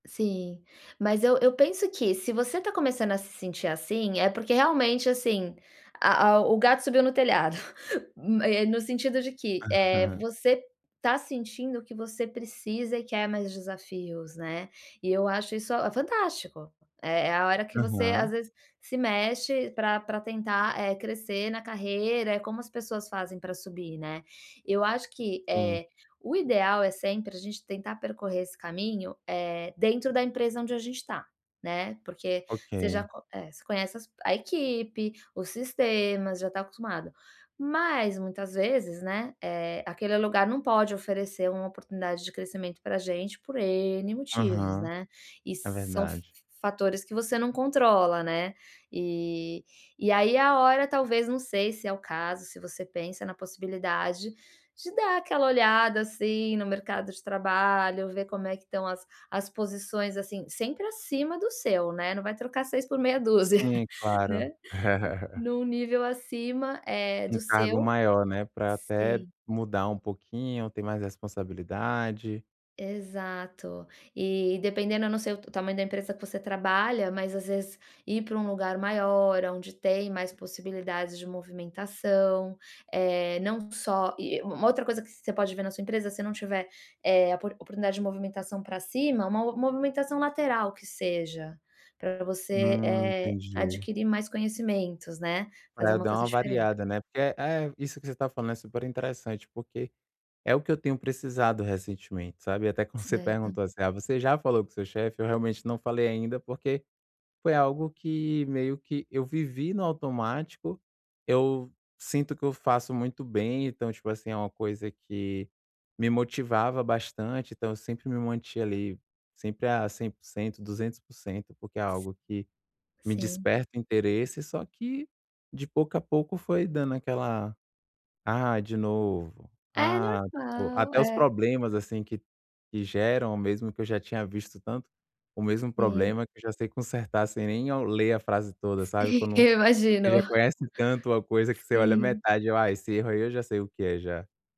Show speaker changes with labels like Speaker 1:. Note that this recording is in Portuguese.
Speaker 1: Sim. Mas eu eu penso que, se você está começando a se sentir assim, é porque realmente, assim, a o o gato subiu no telhado, m eh, no sentido de que, eh,
Speaker 2: Aham.
Speaker 1: você está sentindo que você precisa e quer mais desafios, né, e eu acho isso, ah, fantástico. É é a hora que você, às
Speaker 2: Aham.
Speaker 1: vezes, se mexe pra pra tentar, eh, crescer na carreira, é como as pessoas fazem para subir, né. Eu acho que,
Speaker 2: Sim.
Speaker 1: eh, o ideal é sempre a gente tentar percorrer esse caminho, eh, dentro da empresa onde a gente está, né, porque você já
Speaker 2: Ok.
Speaker 1: co eh, você conhece as a equipe, os sistemas, já está acostumado. Mas, muitas vezes, né, eh, aquele lugar não pode oferecer uma oportunidade de crescimento pra gente por N motivos,
Speaker 2: Aham.
Speaker 1: né. E
Speaker 2: É
Speaker 1: são f f
Speaker 2: verdade.
Speaker 1: fatores que você não controla, né, e e aí é a hora, talvez, não sei se é o caso, se você pensa na possibilidade de dar aquela olhada, assim, no mercado de trabalho, ver como estão as as posições, assim, sempre acima do seu, né, não vai trocar 6 por meia dúzia,
Speaker 2: Sim,
Speaker 1: né.
Speaker 2: claro.
Speaker 1: Num nível acima, eh,
Speaker 2: Um
Speaker 1: do
Speaker 2: cargo
Speaker 1: seu
Speaker 2: maior, né, para até
Speaker 1: sim.
Speaker 2: mudar um pouquinho, ter mais responsabilidade.
Speaker 1: Exato. E, dependendo, eu não sei o o tamanho da empresa que você trabalha, mas às vezes ir para um lugar maior, aonde tem mais possibilidades de movimentação. Eh, não só e u uma outra coisa que você pode ver na sua empresa, se não tiver, eh, apor oportunidade de movimentação pra cima, uma mo movimentação lateral, que seja, pra você,
Speaker 2: Hum,
Speaker 1: eh,
Speaker 2: entendi.
Speaker 1: adquirir mais conhecimentos, né,
Speaker 2: Pra
Speaker 1: fazer
Speaker 2: eu
Speaker 1: uma
Speaker 2: dar
Speaker 1: coisa
Speaker 2: uma
Speaker 1: diferente.
Speaker 2: variada, né, porque é é, isso que você está falando é super interessante, porque é o que eu tenho precisado recentemente, sabe, até quando você
Speaker 1: Certo.
Speaker 2: perguntou assim: "Ah, você já falou com seu chefe?", eu realmente não falei ainda, porque foi algo que, meio que, eu vivi no automático. Eu sinto que eu faço muito bem, então, tipo assim, é uma coisa que me motivava bastante, então eu sempre me mantinha, ali, sempre, ah, 100%,, 200%, porque é
Speaker 1: S
Speaker 2: algo que me
Speaker 1: sim.
Speaker 2: desperta interesse, só que, de pouco a pouco, foi dando aquela: "Ah, de novo.
Speaker 1: É
Speaker 2: Ah", tipo,
Speaker 1: normal,
Speaker 2: até os
Speaker 1: é.
Speaker 2: problemas, assim, que que geram mesmo, que eu já tinha visto tanto o mesmo
Speaker 1: Sim.
Speaker 2: problema, que eu já sei consertar sem nem ao ler a frase toda, sabe,
Speaker 1: Sim,
Speaker 2: quando
Speaker 1: eu
Speaker 2: você
Speaker 1: imagino.
Speaker 2: já conhece tanto uma coisa que você olha
Speaker 1: Sim.
Speaker 2: metade, eu: "Ah, esse erro aí eu já sei o que é, já".